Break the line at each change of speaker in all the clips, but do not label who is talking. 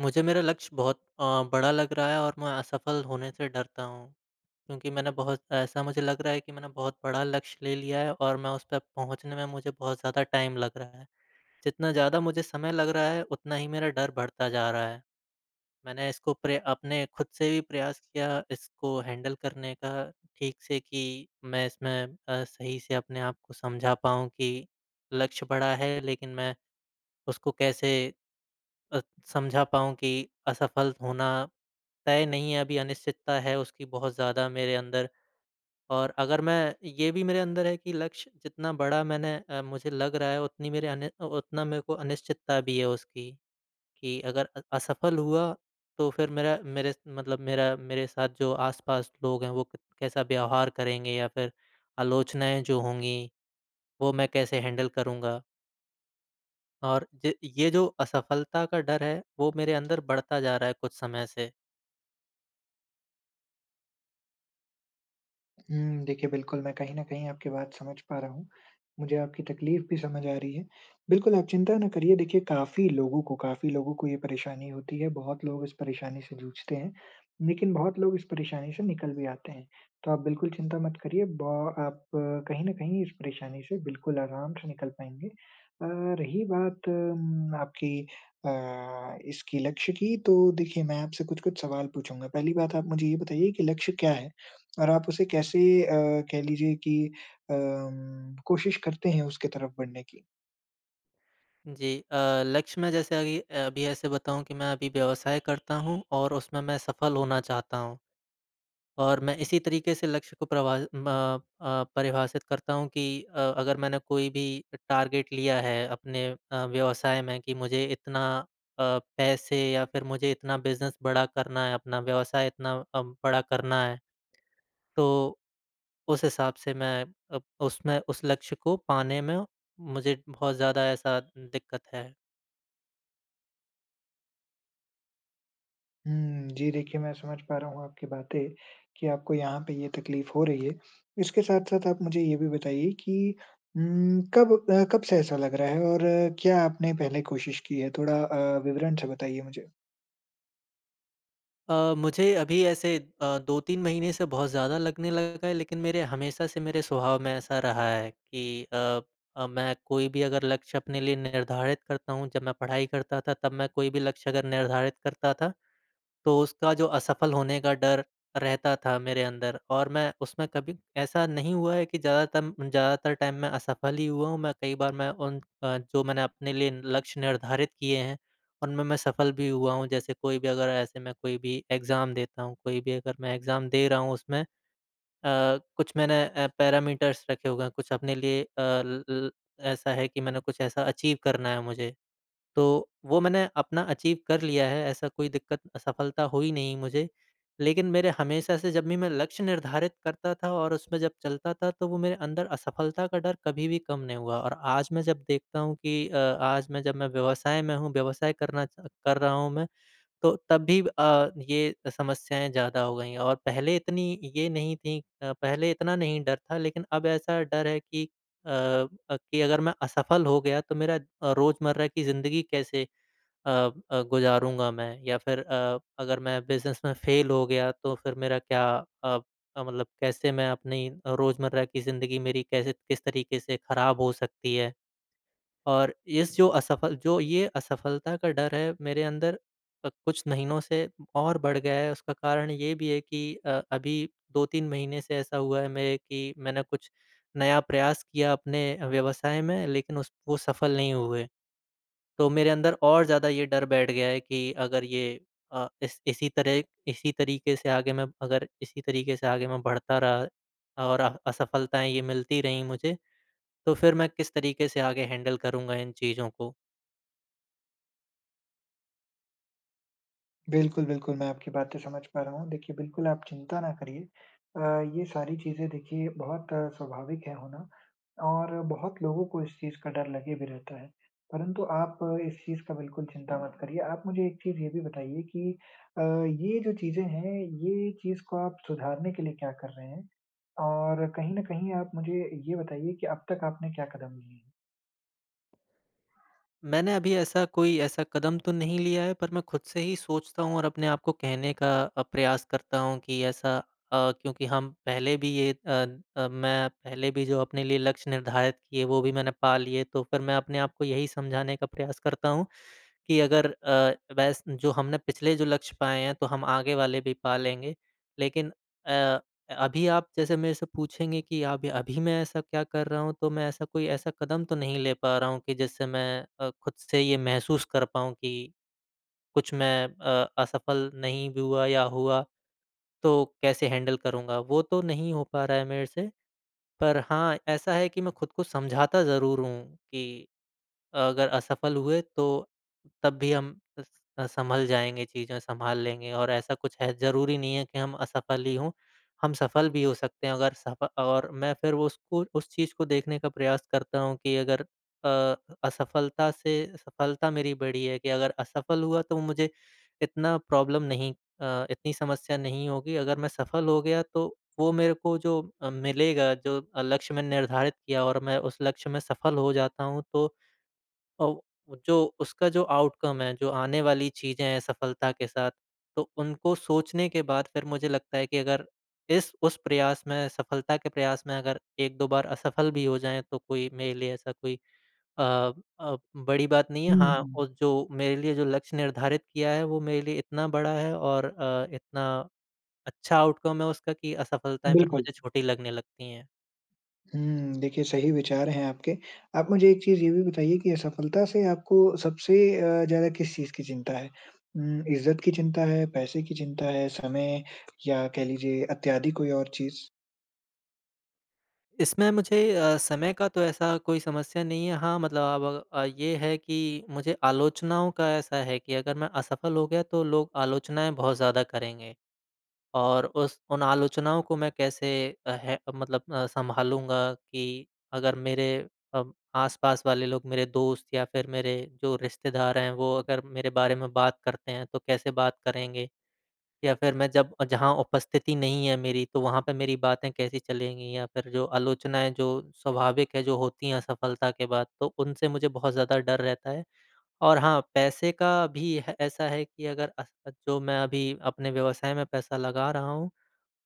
मुझे मेरा लक्ष्य बहुत अ, बड़ा लग रहा है और मैं असफल होने से डरता हूँ। क्योंकि मैंने बहुत ऐसा मुझे लग रहा है कि मैंने बहुत बड़ा लक्ष्य ले लिया है और मैं उस तक पहुँचने में मुझे बहुत ज़्यादा टाइम लग रहा है। जितना ज़्यादा मुझे समय लग रहा है उतना ही मेरा डर बढ़ता जा रहा है। मैंने इसको प्र अपने ख़ुद से भी प्रयास किया इसको हैंडल करने का ठीक से कि मैं इसमें अ, सही से अपने आप को समझा पाऊँ कि लक्ष्य बड़ा है। लेकिन मैं उसको कैसे अ, समझा पाऊँ कि असफल होना तय नहीं है, अभी अनिश्चितता है। उसकी बहुत ज़्यादा मेरे अंदर और अगर मैं ये भी मेरे अंदर है कि लक्ष्य जितना बड़ा मैंने अ, मुझे लग रहा है उतनी मेरे अनी उतना मेरे को अनिश्चितता भी है उसकी। कि अगर अ, असफल हुआ तो फिर मेरा मेरे मतलब मेरा मेरे साथ जो आस-पास लोग हैं वो क कैसा व्यवहार करेंगे? या फिर आलोचनाएँ जो होंगी वो मैं कैसे हैंडल करूँगा? और ए ये जो असफलता का डर है, वो मेरे अंदर बढ़ता जा रहा है कुछ समय से।
हुँ। देखिए बिल्कुल, मैं कहीं न कहीं आपकी बात समझ पा रहा हूँ। मुझे आपकी तकलीफ़ भी समझ आ रही है। बिल्कुल आप चिंता ना करिए, देखिए काफ़ी लोगों को, काफ़ी लोगों को ये परेशानी होती है, बहुत लोग इस परेशानी से जूझते हैं। लेकिन बहुत लोग इस परेशानी से निकल भी आते हैं। तो आप बिल्कुल चिंता मत करिए ब आप कहीं न कहीं इस परेशानी से बिल्कुल आराम से निकल पायेंगे। अ, रही बात मम्म आपकी अ, इसकी लक्ष्य की, तो देखिए मैं आपसे कुछ-कुछ सवाल पूछूँगा? पहली बात, आप मुझे ये बताइए कि लक्ष्य क्या है? और आप उसे कैसे अम, कह लीजिये की अ, कोशिश करते हैं उसकी तरफ बढ़ने की?
जी। अ, लक्ष्य में जैसे अगी अ, अभी ऐसे बताऊँ कि मैं अभी व्यवसाय करता हूँ और उसमें मैं सफल होना चाहता हूँ। और मैं इसी तरीक़े से लक्ष्य को प्रभा म अ, परिभाषित करता हूँ कि अ, अगर मैंने कोई भी टारगेट लिया है, अपने अ, व्यवसाय में कि मुझे इतना अ, पैसे या फिर मुझे इतना बिज़नेस बड़ा करना है, अपना व्यवसाय इतना अ, बड़ा करना है। तो उस हिसाब से मैं अब उसमें उस लक्ष्य को पाने में मुझे बहुत ज़्यादा ऐसा दिक्कत है।
हुँ, जी देखिए, मैं समझ पा रहा हूँ आपकी बातें कि आपको यहाँ पे ये तकलीफ हो रही है। इसके साथ-साथ आप मुझे ये भी बताइए कि उम, कब अ, कब से ऐसा लग रहा है और क्या आपने पहले कोशिश की है? थोड़ा अ, विवरण से बताइए मुझे।
अ, मुझे अभी ऐसे अ, 2-3 महीने से बहुत ज़्यादा लगने लगा है लेकिन मेरे हमेशा से मेरे स्वभाव में ऐसा रहा है कि अ अ, मैं कोई भी अगर लक्ष्य अपने लिए निर्धारित करता हूँ जब मैं पढ़ाई करता था तब मैं कोई भी लक्ष्य अगर निर्धारित करता था। तो उसका जो असफल होने का डर रहता था मेरे अंदर और मैं उसमें कभी ऐसा नहीं हुआ है कि ज़्यादातर ज़्यादातर टाइम मैं असफल ही हुआ हूँ मैं कई बार मैं उन अ, जो मैंने अपने लिए लक्ष्य निर्धारित किए हैं, उनमें मैं सफल भी हुआ हूँ। जैसे कोई भी अगर ऐसे मैं कोई भी एग्ज़ाम देता हूँ कोई भी अगर मैं एग्ज़ाम दे रहा हूँ उसमें अ, कुछ मैंने अ, पैरामीटर्स रखे हुए हैं कुछ अपने लिए अ, ल ल ऐसा है कि मैंने कुछ ऐसा अचीव करना है मुझे, तो वो मैंने अपना अचीव कर लिया है ऐसा कोई दिक्क़त असफलता हुई नहीं मुझे। लेकिन मेरे हमेशा से जब भी मैं लक्ष्य निर्धारित करता था और उसमें जब चलता था तो वो मेरे अंदर असफलता का डर कभी भी कम नहीं हुआ। और आज मैं जब देखता हूँ कि अ, आज मैं जब मैं व्यवसाय में हूँ व्यवसाय करना च कर रहा हूँ मैं तो तब भी अ, ये समस्याएँ ज़्यादा हो गई और पहले इतनी ये नहीं थी। अ, पहले इतना नहीं डर था लेकिन अब ऐसा डर है कि अ अ, कि अगर मैं असफल हो गया तो मेरा अ, रोज़मर्रा की ज़िंदगी कैसे अ अ, गुज़ारूँगा मैं या फिर अ, अगर मैं बिज़नेस में फेल हो गया तो फिर मेरा क्या अ, मतलब कैसे मैं अपनी रोज़मर्रा की ज़िंदगी मेरी कैसे किस तरीके से ख़राब हो सकती है। और इस जो असफल जो ये असफलता का डर है मेरे अंदर अ, कुछ महीनों से और बढ़ गया है उसका कारण ये भी है कि अ, अभी 2-3 महीने से ऐसा हुआ है मेरे कि मैंने कुछ नया प्रयास किया अपने व्यवसाय में लेकिन उस वो सफल नहीं हुए। तो मेरे अंदर और ज़्यादा ये डर बैठ गया है कि अगर ये अ, इस इसी तरह इसी तरीक़े से आगे मैं अगर इसी तरीक़े से आगे मैं बढ़ता रहा और अह असफलताएँ ये मिलती रही मुझे तो फिर मैं किस तरीके से आगे हैंडल करूँगा इन चीज़ों को।
बिल्कुल, बिल्कुल मैं आपकी बातें समझ पा रहा हूँ, देखिए बिल्कुल आप चिंता ना करिए। अ, ये सारी चीज़ें देखिए बहुत स्वाभाविक है होना, और बहुत लोगों को इस चीज़ का डर लगे भी रहता है, परंतु आप इस चीज़ का बिल्कुल चिंता मत करिए। आप मुझे एक चीज़ ये भी बताइए कि अ, ये जो चीज़ें हैं, ये चीज़ को आप सुधारने के लिए क्या कर रहे हैं? और कहीं न कहीं आप मुझे ये बताइए कि अब तक आपने क्या कदम लिए?
मैंने अभी ऐसा कोई ऐसा कदम तो नहीं लिया है पर मैं खुद से ही सोचता हूँ और अपने आप को कहने का अ, प्रयास करता हूँ कि ऐसा अ, क्योंकि हम पहले भी ये अ अ, मैं पहले भी जो अपने लिए लक्ष्य निर्धारित किए वो भी मैंने पा लिए तो फिर मैं अपने आप को यही समझाने का प्रयास करता हूँ, कि अगर अ, वैस जो हमने पिछले जो लक्ष्य पाए हैं तो हम आगे वाले भी पा लेंगे। लेकिन अ अ, अभी आप जैसे मेरे से पूछेंगे कि आप अभी मैं ऐसा क्या कर रहा हूँ तो मैं ऐसा कोई ऐसा कदम तो नहीं ले पा रहा हूँ कि जिससे मैं अ, खुद से ये महसूस कर पाऊँ कि कुछ मैं अ, असफ़ल नहीं भी हुआ या हुआ, तो कैसे हैंडल करूँगा वो तो नहीं हो पा रहा है मेरे से, पर हाँ, ऐसा है कि मैं खुद को समझाता ज़रूर हूँ कि अगर असफ़ल हुए तो तब भी हम स अ, सँभल जाएँगे चीज़ें सँभाल लेंगे और ऐसा कुछ है ज़रूरी नहीं है कि हम असफ़ल ही हो, हम सफ़ल भी हो सकते हैं, अगर सफ और मैं फिर वो उसको उस चीज़ को देखने का प्रयास करता हूँ कि अगर अ अ, असफ़लता से सफ़लता मेरी बड़ी है कि अगर असफ़ल हुआ तो मुझे इतना प्रॉब्लम नहीं अ, इतनी समस्या नहीं होगी अगर मैं सफ़ल हो गया तो वो मेरे को जो अ, मिलेगा जो अ, लक्ष्य मैं निर्धारित किया और मैं उस लक्ष्य में सफ़ल हो जाता हूँ तो औ जो उसका जो आउटकम है, जो आने वाली चीज़े हैं सफलता के साथ, तो उनको सोचने के बाद फिर मुझे लगता है कि अगर इस उस प्रयास में, सफ़लता के प्रयास में अगर 1-2 बार असफ़ल भी हो जाए तो कोई मेरे लिए ऐसा कोई अ अ, बड़ी बात नहीं है
हुँ,
हाँ, और
हुँ।
जो मेरे लिए जो लक्ष्य निर्धारित किया है वो मेरे लिए इतना बड़ा है और अ, इतना अच्छा आउटकम है उसका कि असफ़लताएँ फिर
बिल्कुल।
मुझे छोटी लगने लगती हैं।
हुँ। देखिए, सही विचार हैं आपके। आप मुझे एक चीज़ ये भी बताइए कि असफलता से आपको सबसे अ, ज़्यादा किस चीज़ की चिंता है? उम, इज्जत की चिंता है? पैसे की चिंता है? समय या कह लीजिये इत्यादि कोई और चीज़?
इसमें मुझे अ, समय का तो ऐसा कोई समस्या नहीं है। हाँ, मतलब आप अग अब ये है कि मुझे आलोचनाओं का ऐसा है कि अगर मैं असफल हो गया तो लोग आलोचनाएँ बहुत ज़्यादा करेंगे। और उस उन आलोचनाओं को मैं कैसे है मतलब अ, संभालूँगा। कि अगर मेरे अ, आस-पास वाले लोग मेरे दोस्त या फिर मेरे जो रिश्तेदार हैं वो अगर मेरे बारे में बात करते हैं तो कैसे बात करेंगे? या फिर मैं जब जहाँ उपस्थिति नहीं है मेरी तो वहाँ पे मेरी बातें कैसी चलेंगी? या फिर जो आलोचनाएँ जो स्वाभाविक है जो होती हैं असफलता के बाद तो उनसे मुझे बहुत ज़्यादा डर रहता है। और हाँ, पैसे का भी है अ, ऐसा है कि अगर अ, जो मैं अभी अपने व्यवसाय में पैसा लगा रहा हूँ,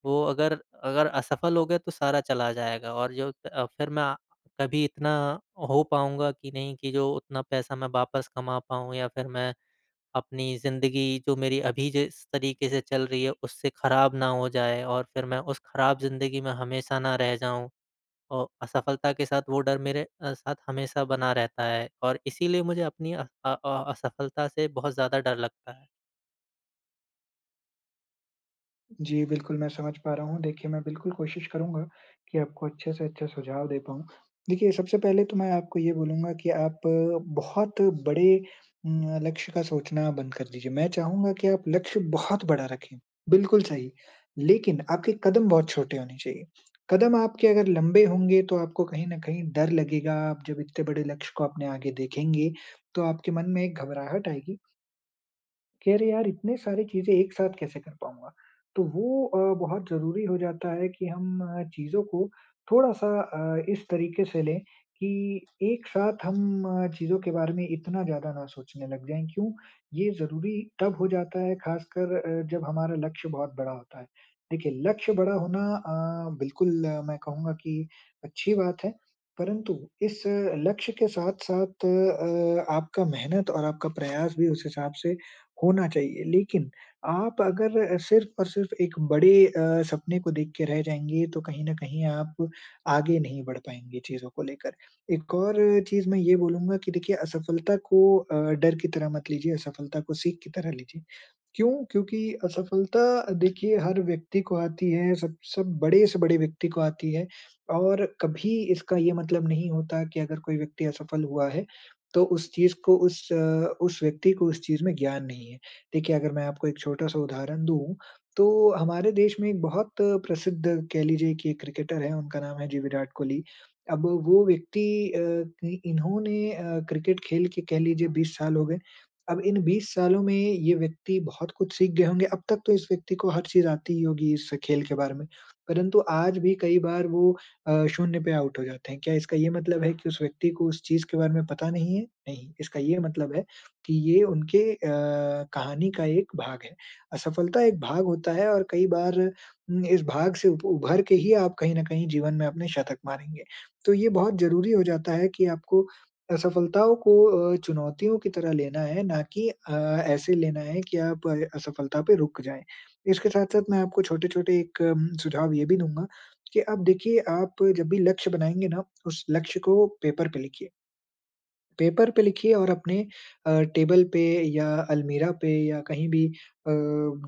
वो अगर अगर असफल हो गए तो सारा चला जाएगा। और जो अ, फिर मैं कभी इतना हो पाऊँगा कि नहीं कि जो उतना पैसा मैं वापस कमा पाऊँ। या फिर मैं अपनी ज़िंदगी जो मेरी अभी जिस तरीके से चल रही है उससे ख़राब ना हो जाए और फिर मैं उस ख़राब ज़िंदगी में हमेशा ना रह जाऊँ। और असफलता के साथ वो डर मेरे अ, साथ हमेशा बना रहता है। और इसीलिए मुझे अपनी अ अ, असफलता से बहुत ज़्यादा डर लगता है।
जी, बिल्कुल। मैं समझ पा रहा हूँ। देखिए मैं बिल्कुल कोशिश करूँगा कि आपको अच्छे से अच्छे सुझाव दे पाऊँ। देखिए सबसे पहले तो मैं आपको ये बोलूँगा कि आप अ, बहुत बड़े उम, लक्ष्य का सोचना बंद कर दीजिए। मैं चाहुँगा कि आप लक्ष्य बहुत बड़ा रखें, बिल्कुल सही। लेकिन आपके कदम बहुत छोटे होने चाहिए। कदम आपके अगर लम्बे होंगे तो आपको कहीं न कहीं डर लगेगा। आप जब इतने बड़े लक्ष्य को अपने आगे देखेंगे तो आपके मन में एक घबराहट आएगी। कि अरे! यार इतने सारे चीज़ें एक साथ कैसे कर पाऊँगा। तो वो अ, बहुत ज़रूरी हो जाता है कि हम चीज़ों को थोड़ा-सा अ, इस तरीक़े से लें कि एक साथ हम चीज़ों के बारे में इतना ज़्यादा ना सोचने लग जाएँ। क्यों? ये ज़रूरी तब हो जाता है ख़ासकर अ, जब हमारा लक्ष्य बहुत बड़ा होता है। देखिए लक्ष्य बड़ा होना अ, बिल्कुल मैं कहूँगा की अच्छी बात है। परंतु इस लक्ष्य के साथ-साथ अ, आपका मेहनत और आपका प्रयास भी उस हिसाब से होना चाहिए। लेकिन आप अगर सिर्फ़ और सिर्फ़ एक बड़े अ, सपने को देख के रह जाएँगे तो कहीं न कहीं आप आगे नहीं बढ़ पाएँगे चीज़ों को लेकर। एक और चीज़ मैं ये बोलूँगा कि देखिए असफलता को अ, डर की तरह मत लीजिये असफलता को सीख की तरह लीजिए। क्यों? क्योंकि असफलता देखिये हर व्यक्ति को आती है। सब सब बड़े से बड़े व्यक्ति को आती है। और कभी इसका ये मतलब नहीं होता कि अगर कोई व्यक्ति असफल हुआ है तो उस चीज़ को उस अ, उस व्यक्ति को उस चीज में ज्ञान नहीं है। देखिये अगर मैं आपको एक छोटा-सा उदाहरण दूँ, तो हमारे देश में एक बहुत प्रसिद्ध कह लीजिये की एक क्रिकेटर है उनका नाम है, जी विराट कोहली। अब वो व्यक्ति अ, इन्होने अ, क्रिकेट खेल के कह लीजिए 20 साल हो गए। अब इन 20 सालों में ये व्यक्ति बहुत कुछ सीख गए होंगे अब तक तो इस व्यक्ति को हर चीज़ आती ही होगी इस खेल के बारे में। परंतु आज भी कई बार वो अ, शून्य पे आउट हो जाते हैं। क्या इसका ये मतलब है कि उस व्यक्ति को उस चीज़ के बारे में पता नहीं है? नहीं। इसका ये मतलब है कि ये उनके अ, कहानी का एक भाग है। असफलता एक भाग होता है और कई बार उम, इस भाग से उ उभर के ही आप कहीं न कहीं जीवन में अपने शतक मारेंगे। तो ये बहुत ज़रूरी हो जाता है कि आपको असफलताओं को अ, चुनौतियों की तरह लेना है ना कि अ, ऐसे लेना है कि आप असफलता पे रुक जाएँ। इसके साथ-साथ मैं आपको छोटे-छोटे एक म सुझाव ये भी दूँगा कि अब देखिए आप जब भी लक्ष्य बनाएँगे ना उस लक्ष्य को पेपर पे लिखिए। पेपर पे लिखिए और अपने अ, टेबल पे या अलमीरा पे या कहीं भी अ,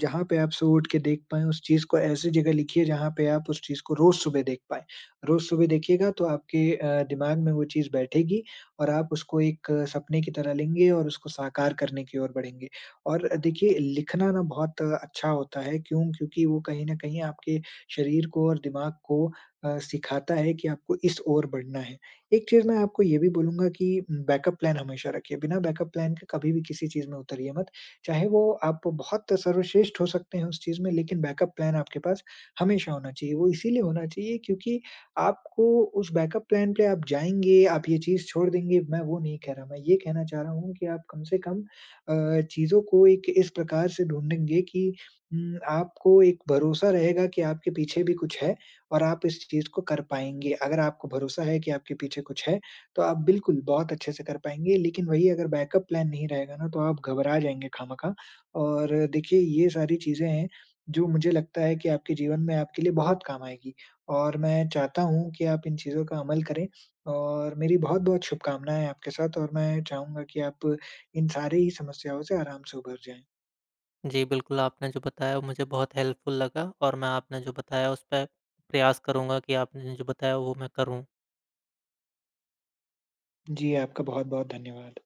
जहाँ पे आप सुबह उठ के देख पाएँ उस चीज़ को ऐसी ज़गह लिखिए जहाँ पे आप उस चीज़ को रोज़ सुबह देख पाएँ। रोज़ सुबह देखिएगा तो आपके अ, दिमाग में वो चीज़ बैठेगी और आप उसको एक सपने की तरह लेंगे और उसको साकार करने की ओर बढ़ेंगे। और देखिए लिखना ना बहुत अच्छा होता है। क्यों? क्योंकि वो कहीं न कहीं आपके शरीर को और दिमाग को अ, सिखाता है कि आपको इस ओर बढ़ना है। एक चीज़ मैं आपको ये भी बोलूँगा कि बैकअप प्लान हमेशा रखिए। बिना बैकअप प्लान के कभी भी किसी चीज़ में उतरिये मत। चाहे वो आप बहुत सर्वश्रेष्ठ हो सकते हैं उस चीज़ में लेकिन बैकअप प्लान आपके पास हमेशा होना चाहिए। वो इसीलिए होना चाहिए क्योंकि आपको उस बैकअप प्लान पे आप जाएँगे, आप ये चीज़ छोड़ देंगे, मैं वो नहीं कह रहा। मैं ये कहना चाह रहा हूँ कि आप कम से कम अ, चीज़ों को एक इस प्रकार से ढूंढेंगे कि उम, आपको एक भरोसा रहेगा कि आपके पीछे भी कुछ है और आप इस चीज़ को कर पाएँगे। अगर आपको भरोसा है कि आपके पीछे कुछ है तो आप बिल्कुल बहुत अच्छे से कर पाएँगे। लेकिन वही अगर बैकअप प्लान नहीं रहेगा ना तो आप घबरा जाएँगे ख़ाहमख़ाह। और देखिए ये सारी चीज़े हैं जो मुझे लगता है कि आपके जीवन में आपके लिए बहुत काम आएगी। और मैं चाहता हूँ कि आप इन चीज़ों का अमल करें। और मेरी बहुत-बहुत शुभकामनाएँ हैं आपके साथ और मैं चाहूँगा कि आप इन सारी समस्याओं से आराम से उभर जाएँ।
जी, बिल्कुल। आपने जो बताया वो मुझे बहुत हेल्पफुल लगा। और मैं आपने जो बताया उस पे प्रयास करूँगा कि आपने जो बताया वो मैं करूँ।
जी, आपका बहुत-बहुत धन्यवाद।